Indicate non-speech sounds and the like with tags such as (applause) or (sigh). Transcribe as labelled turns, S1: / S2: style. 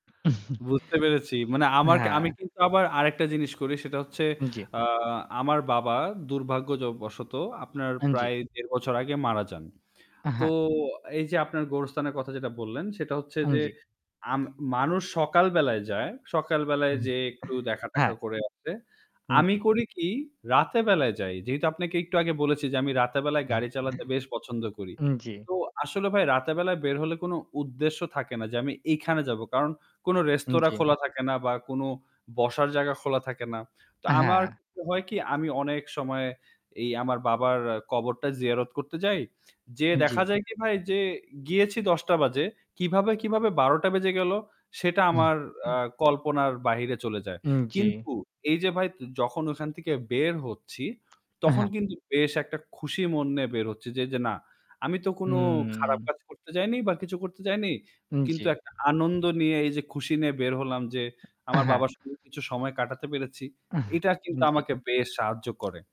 S1: (chuckles)
S2: বুঝতে পেরেছি। মানে আমার আমি
S1: হ্যাঁ।
S2: কিন্তু আবার আরেকটা জিনিস করি সেটা হচ্ছে
S1: উম জ্বি।
S2: আ আমার বাবা দুর্ভাগ্য য বশত আপনার
S1: হ্যাঁ, জি।
S2: প্রায় ১.৫ বছর আগে মারা যান। তো
S1: হ্যাঁ।
S2: এই যে আপনার গোরস্থানের কথা যেটা বললেন সেটা হচ্ছে
S1: হ্যাঁ,
S2: যে,
S1: জ্বি।
S2: আম মানুষ সকাল বেলায় যায় সকালবেলায়
S1: (chuckles)
S2: যেয়ে একটু
S1: হ্যাঁ।
S2: দেখা-টেখা করে আসে।
S1: হুম।
S2: আমি
S1: জ্বি।
S2: করি কি রাতে বেলায় যাই। যেহেতু আপনাকে একটু আগে বলেছি যে আমি রাতে বেলায়
S1: (chuckles)
S2: গাড়ি চালাতে বেশ পছন্দ করি।
S1: জ্বি।
S2: তো আসলে ভাই রাতে বেলায় বের হলে কোন উদ্দেশ্য থাকে না যে আমি এইখানে যাব। কারণ কোনো রেস্তোরাঁ
S1: জ্বি।
S2: খোলা থাকে না বা কোন বসার জায়গা খোলা থাকে না। তো আমার
S1: হ্যাঁ।
S2: হয় কি আমি অনেক সময় এই আমার বাবার কবরটা জিয়ারত করতে যাই। যে
S1: জ্বি।
S2: দেখা যায় কি ভাই যে গিয়েছি ১০ টা বাজে। কিভাবে, কিভাবে ১২ টা বেজে গেলো সেটা
S1: হুম।
S2: আমার আ
S1: (chuckles)
S2: কল্পনার বাহিরে চলে যায়।
S1: হুম, জ্বি।
S2: কিন্তু এই যে ভাই যখন ওখান থেকে বের হচ্ছি
S1: আ
S2: তখন
S1: হ্যাঁ।
S2: কিন্তু বেশ একটা খুশি মন নিয়ে বের হচ্ছি যে, যে না, আমি তো কোনো খারাপ
S1: হুম।
S2: কাজ করতে যাইনি বা কিছু করতে যাইনি। কিন্তু
S1: জ্বী।
S2: একটা আনন্দ নিয়ে এই যে খুশি নিয়ে বের হলাম যে আমার
S1: হ্যাঁ।
S2: বাবার সঙ্গে কিছু সময় কাটাতে পেরেছি।
S1: (chuckles)
S2: এটা কিন্তু
S1: জ্বী।
S2: আমাকে বেশ সাহায্য করে।